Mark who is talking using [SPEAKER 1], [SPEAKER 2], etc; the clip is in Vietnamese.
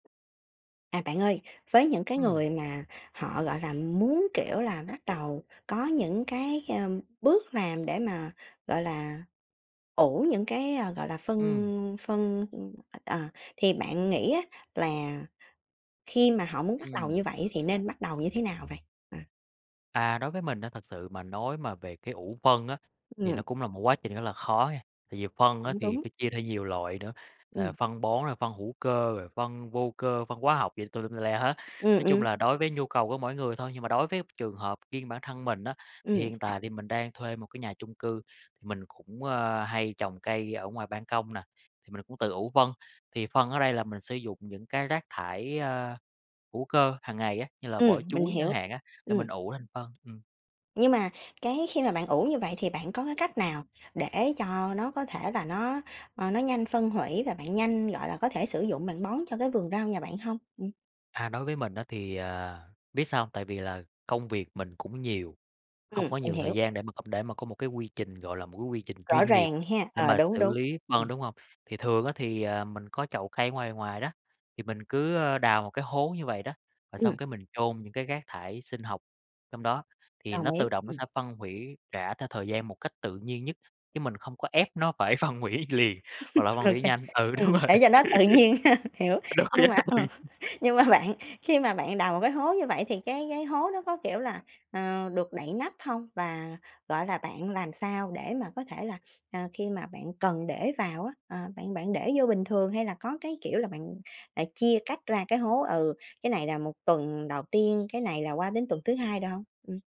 [SPEAKER 1] À, bạn ơi, với những cái
[SPEAKER 2] Ừm.
[SPEAKER 1] người mà họ, gọi là, muốn, kiểu là, bắt đầu có những cái, ờm, bước làm để mà, gọi là, ủ những cái, ờ, gọi là,
[SPEAKER 2] Ừm.
[SPEAKER 1] phân phân, à, à, thì bạn nghĩ á là khi mà họ muốn bắt đầu như
[SPEAKER 2] Ừm.
[SPEAKER 1] vậy thì nên bắt đầu như thế nào vậy? Ờ.
[SPEAKER 2] À, đối với mình á thật sự mà nói mà về cái ủ phân á, thì nó
[SPEAKER 1] Ừm.
[SPEAKER 2] cũng là một quá trình rất là khó nghe. Tại vì phân á
[SPEAKER 1] Cũng
[SPEAKER 2] thì
[SPEAKER 1] đúng.
[SPEAKER 2] phải chia theo nhiều loại nữa, ờ,
[SPEAKER 1] Ừm.
[SPEAKER 2] phân bón, rồi phân hữu cơ, rồi phân vô cơ, phân hóa học gì tùm lum tùm la hết,
[SPEAKER 1] Ừm,
[SPEAKER 2] nói chung
[SPEAKER 1] ừm.
[SPEAKER 2] là đối với nhu cầu của mỗi người thôi. Nhưng mà đối với trường hợp riêng bản thân mình á, thì
[SPEAKER 1] Ừm,
[SPEAKER 2] hiện
[SPEAKER 1] sao?
[SPEAKER 2] tại thì mình đang thuê một cái nhà chung cư, thì mình cũng, ờ, hay trồng cây ở ngoài ban công nè, thì mình cũng tự ủ phân, thì phân ở đây là mình sử dụng những cái rác thải, ờ, hữu cơ hàng ngày á, như là
[SPEAKER 1] Ừm,
[SPEAKER 2] vỏ
[SPEAKER 1] mình
[SPEAKER 2] chuối chẳng
[SPEAKER 1] hiểu.
[SPEAKER 2] hạn á, thì
[SPEAKER 1] Ừm.
[SPEAKER 2] mình ủ thành phân, ừm.
[SPEAKER 1] Nhưng mà cái khi mà bạn ủ như vậy thì bạn có cái cách nào để cho nó có thể là nó, ờ, nó nhanh phân hủy, và bạn nhanh, gọi là, có thể sử dụng bạn bón cho cái vườn rau nhà bạn hông? Ừm.
[SPEAKER 2] À, đối với mình á thì, à, biết sao hông? Tại vì là công việc mình cũng nhiều, hông
[SPEAKER 1] Ừm,
[SPEAKER 2] có
[SPEAKER 1] mình
[SPEAKER 2] nhiều thời
[SPEAKER 1] hiểu.
[SPEAKER 2] gian để mà để mà có một cái quy trình, gọi là, một cái quy trình
[SPEAKER 1] Rõ
[SPEAKER 2] chuyên nghiệp
[SPEAKER 1] ràng ha.
[SPEAKER 2] để
[SPEAKER 1] Ờ,
[SPEAKER 2] mà
[SPEAKER 1] đúng,
[SPEAKER 2] xử
[SPEAKER 1] đúng,
[SPEAKER 2] lý
[SPEAKER 1] ừm.
[SPEAKER 2] phân, đúng hông? Thì thường á thì, à, mình có chậu cây ở ngoài ngoài đó, thì mình cứ, ờ, đào một cái hố như vậy đó, rồi
[SPEAKER 1] Ừm.
[SPEAKER 2] xong cái mình chôn những cái rác thải sinh học trong đó, thì
[SPEAKER 1] Đồng
[SPEAKER 2] nó
[SPEAKER 1] ý,
[SPEAKER 2] tự động nó
[SPEAKER 1] ừm.
[SPEAKER 2] sẽ phân hủy, rã theo thời gian một cách tự nhiên nhất, chứ mình không có ép nó phải phân hủy liền, hoặc là phân
[SPEAKER 1] Ô
[SPEAKER 2] hủy
[SPEAKER 1] kê,
[SPEAKER 2] nhanh ừ,
[SPEAKER 1] ừm,
[SPEAKER 2] đúng rồi.
[SPEAKER 1] để cho nó tự nhiên hơn. Hiểu,
[SPEAKER 2] Đúng rồi
[SPEAKER 1] nhưng
[SPEAKER 2] á,
[SPEAKER 1] mà,
[SPEAKER 2] đúng
[SPEAKER 1] ờ,
[SPEAKER 2] rồi.
[SPEAKER 1] nhưng mà bạn, khi mà bạn đào một cái hố như vậy thì cái cái hố nó có, kiểu là, ờ, được đậy nắp hông? Và, gọi là, bạn làm sao để mà có thể là, à, khi mà bạn cần để vào á, ờ, bạn bạn để vô bình thường, hay là có cái, kiểu là, bạn, à, chia cách ra cái hố, ừ, cái này là một tuần đầu tiên, cái này là qua đến tuần thứ hai rồi hông? Ừm.